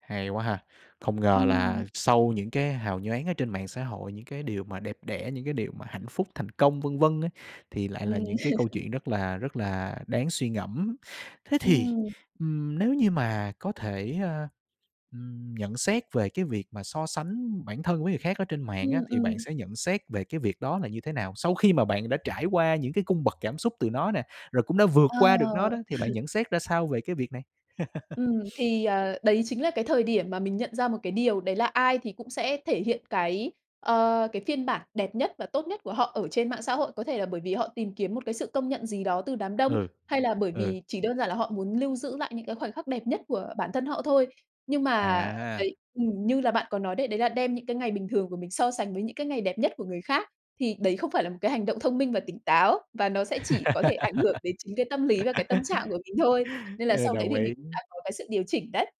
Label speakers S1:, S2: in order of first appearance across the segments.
S1: Hay quá ha. Không ngờ
S2: Ừm.
S1: là sau những cái hào nhoáng ở trên mạng xã hội, những cái điều mà đẹp đẽ, những cái điều mà hạnh phúc, thành công, vân vân ấy, thì lại là
S2: Ừm.
S1: những cái câu chuyện rất là rất là đáng suy ngẫm. Thế thì,
S2: Ừm.
S1: ưm, nếu như mà có thể, a, ừm, nhận xét về cái việc mà so sánh bản thân với người khác ở trên mạng á,
S2: Ừm,
S1: thì bạn
S2: ừm.
S1: sẽ nhận xét về cái việc đó là như thế nào? Sau khi mà bạn đã trải qua những cái cung bậc cảm xúc từ nó nè, rồi cũng đã vượt qua được nó
S2: Ờ.
S1: đó, thì bạn nhận xét ra sao về cái việc này?
S2: Ừm, thì, ờ, đấy chính là cái thời điểm mà mình nhận ra một cái điều đấy là ai thì cũng sẽ thể hiện cái, ờ, cái phiên bản đẹp nhất và tốt nhất của họ ở trên mạng xã hội. Có thể là bởi vì họ tìm kiếm một cái sự công nhận gì đó từ đám đông,
S1: Ừ.
S2: hay là bởi
S1: Ừ.
S2: vì chỉ đơn giản là họ muốn lưu giữ lại những cái khoảnh khắc đẹp nhất của bản thân họ thôi. Nhưng mà
S1: À.
S2: đấy ừm, như là bạn có nói đấy, đấy là đem những cái ngày bình thường của mình so sánh với những cái ngày đẹp nhất của người khác, thì đấy không phải là một cái hành động thông minh và tỉnh táo và nó sẽ chỉ có thể ảnh hưởng đến chính cái tâm lý và cái tâm trạng của mình thôi, nên là
S1: Ờ,
S2: sau đấy
S1: đồng
S2: thì mình
S1: ý.
S2: cũng đã có cái sự điều chỉnh đấy.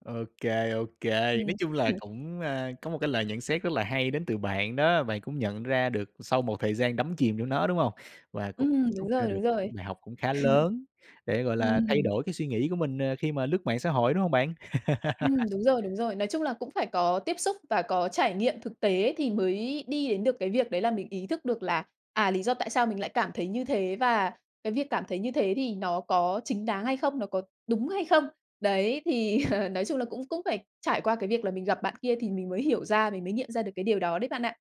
S1: Ô kê, ô kê.
S2: Ừm.
S1: Nói chung là
S2: [unintelligible]
S1: cũng, a, có một cái lời nhận xét rất là hay đến từ bạn, đó là bạn cũng nhận ra được sau một thời gian đắm chìm trong nó, đúng hông? Và cũng
S2: Ừm, đúng
S1: rút ra
S2: rồi,
S1: được
S2: đúng
S1: [unintelligible]
S2: rồi.
S1: bài học cũng khá lớn để, gọi là, thay
S2: Ừm.
S1: đổi cái suy nghĩ của mình, ờ, khi mà lướt mạng xã hội, đúng hông bạn?
S2: Ừm, đúng rồi, đúng rồi. Nói chung là cũng phải có tiếp xúc và có trải nghiệm thực tế thì mới đi đến được cái việc đấy là mình ý thức được là, à, lý do tại sao mình lại cảm thấy như thế và cái việc cảm thấy như thế thì nó có chính đáng hay không, nó có đúng hay không. Đấy, thì nói chung là cũng cũng phải trải qua cái việc là mình gặp bạn kia thì mình mới hiểu ra, mình mới nghiệm ra được cái điều đó đấy bạn ạ.